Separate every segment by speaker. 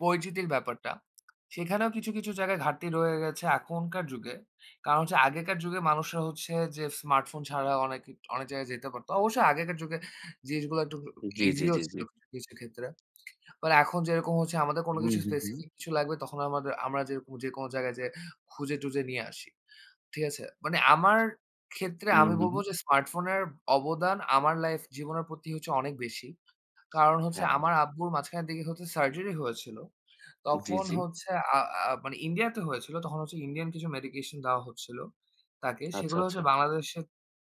Speaker 1: পরিচিতির ব্যাপারটা, সেখানেও কিছু, কিছু জায়গায় ঘাটতি রয়ে গেছে, এখনকার যুগে। কারণ হচ্ছে, আগেকার যুগে মানুষরা হচ্ছে যে, স্মার্টফোন ছাড়া অনেক কি অনেক জায়গায় যেতে পারত। অবশ্য আগেকার যুগে জিনিসগুলো একটু
Speaker 2: জ্বী, জ্বী,
Speaker 1: ইজিও
Speaker 2: জ্বী,
Speaker 1: ছিল,
Speaker 2: জ্বী।
Speaker 1: কিছু ক্ষেত্রে। মানে এখন যেরকম আমাদের কোনো
Speaker 2: হুম,
Speaker 1: কিছু
Speaker 2: হুম, হুম।
Speaker 1: স্পেসিফিক কিছু লাগলে, তখন আমাদের আমরা জের যেকোনো জায়গায় যেয়ে খুঁজে-টুজে নিয়ে আসি। ঠিক আছে? মানে আমার ক্ষেত্রে,
Speaker 2: হুম,
Speaker 1: আমি
Speaker 2: হুম।
Speaker 1: বলব যে, স্মার্টফোনের অবদান আমার লাইফ জীবনের প্রতি হচ্ছে, অনেক বেশি। কারণ হচ্ছে,
Speaker 2: হ্যাঁ।
Speaker 1: আমার আব্বুর মাঝখানের দিকে হচ্ছে সার্জারি হয়েছিল।
Speaker 2: জ্বী,
Speaker 1: তখন
Speaker 2: জ্বী।
Speaker 1: হচ্ছে, আ আ মানে ইন্ডিয়াতে হয়েছিল, তখন হচ্ছে ইন্ডিয়ান কিছু মেডিকেশন দেওয়া হচ্ছিল, তাকে।
Speaker 2: আচ্ছা,
Speaker 1: সেগুলো
Speaker 2: আচ্ছা।
Speaker 1: হচ্ছে বাংলাদেশে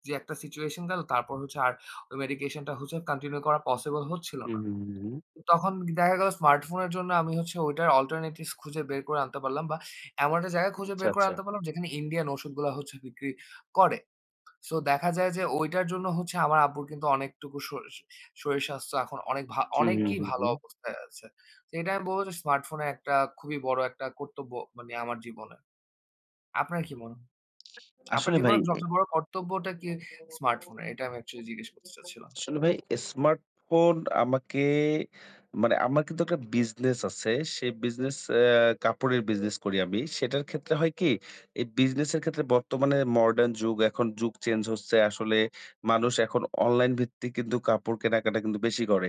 Speaker 1: যে একটা সিচুয়েশন গেল, তারপর হচ্ছে আর ঐ মেডিকেশনটা হচ্ছে কন্টিনিউ করা পসিবল হচ্ছিল
Speaker 2: হুম,
Speaker 1: না।
Speaker 2: হুম, হুম, হুম।
Speaker 1: তখন দেখা গেলো, স্মার্টফোনের জন্য আমি হচ্ছে ওইটার অল্টারনেটিভস খুঁজে বের করে আনতে পারলাম, বা এমন একটা জায়গা
Speaker 2: [unintelligible]
Speaker 1: খুঁজে
Speaker 2: চ্ছা,
Speaker 1: বের করে
Speaker 2: চ্ছা।
Speaker 1: আনতে পারলাম, যেখানে ইন্ডিয়ান ঔষুধগুলা হচ্ছে বিক্রি করে। সো দেখা যায় যে, ঐটার জন্য হচ্ছে, আমার আব্বুর কিন্তু অনেকটুকু শরী শরীর স্বাস্থ্য এখন অনেক ভা
Speaker 2: হু, হু,
Speaker 1: অনেকই
Speaker 2: হু,
Speaker 1: ভালো
Speaker 2: হু।
Speaker 1: অবস্থায় আছে। তো এটা আমি বলব যে, স্মার্টফোনের একটা খুবই বড় একটা কর্তব্য মানে, আমার জীবনে। আপনার কি মন আপনার
Speaker 2: আসলে ভাই।
Speaker 1: জীবনের
Speaker 2: এ
Speaker 1: সবচেয়ে বড় কর্তব্যটা কি স্মার্টফোনের? এটা আমি অ্যাকচুয়ালি জিজ্ঞেস করতে চাচ্ছিলাম।
Speaker 2: আসলে ভাই, স্মার্টফোন আমাকে মানে, আমার কিন্তু একটা বিজনেস আছে। সেই বিজনেস এ কাপড়ের বিজনেস করি আমি। সেটার ক্ষেত্রে হয় কি, এই বিজনেস এর ক্ষেত্রে, বর্তমানে মডার্ন যুগ এখন, যুগ চেঞ্জ হচ্ছে। আসলে, মানুষ এখন অনলাইন ভিত্তিক কিন্তু কাপড় কেনাকাটা, কিন্তু বেশি করে।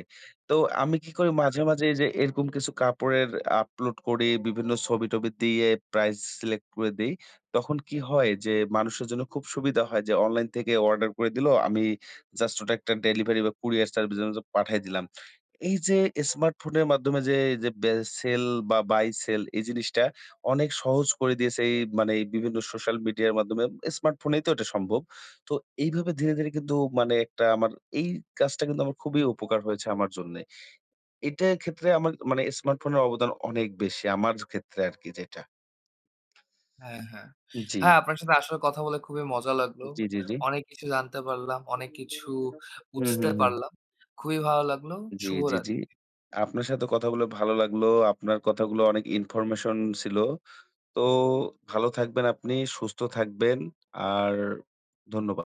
Speaker 2: তো আমি কি করি মাঝে,
Speaker 1: [unintelligible]
Speaker 2: মাঝে এইযে, এরকম কিছু কাপড়ের আপলোড করি বিভিন্ন ছবি-টবি দিয়ে, প্রাইস সিলেক্ট করে দেই। তখন কি হয় যে, মানুষের জন্য খুব সুবিধা হয় যে, অনলাইন থেকে অর্ডার করে দিলো। আমি জাস্ট ওটা একটা ডেলিভারি বা কুরিয়ার সার্ভিসের মাধ্যমে পাঠিয়ে দিলাম। এইযে, স্মার্টফোনের মাধ্যমে যে বে সেল বা বাই সেল এই জিনিসটা অনেক সহজ করে দিয়েছে এই মানে বিভিন্ন সোশ্যাল মিডিয়ার মাধ্যমে, স্মার্টফোনেই তো এটা সম্ভব। তো এইভাবে ধীরে, ধীরে কিন্তু মানে একটা আমার, এই কাজটা কিন্তু আমার খুবই উপকার হয়েছে, আমার জন্যে। এটার ক্ষেত্রে আমার মানে স্মার্টফোনের অবদান অনেক বেশি, আমার ক্ষেত্রে আরকি যেটা।
Speaker 1: হ্যাঁ, হ্যাঁ।
Speaker 2: জ্বী।
Speaker 1: হ্যাঁ, আপনার সাথে আসলে কথা বলে খুবই মজা লাগলো।
Speaker 2: জ্বী, জ্বী, জ্বী।
Speaker 1: অনেক কিছু জানতে পারলাম, অনেক কিছু
Speaker 2: হু, হু,
Speaker 1: বুঝতে
Speaker 2: হু।
Speaker 1: পারলাম। খুবই ভালো লাগলো।
Speaker 2: জ্বী, জ্বী, জ্বী।
Speaker 1: শুভরাত্রি।
Speaker 2: আপনার সাথে কথা বলে ভালো লাগলো। আপনার কথাগুলো অনেক ইনফরমেশন ছিল। তো ভালো থাকবেন আপনি, সুস্থ থাকবেন, আর ধন্যবা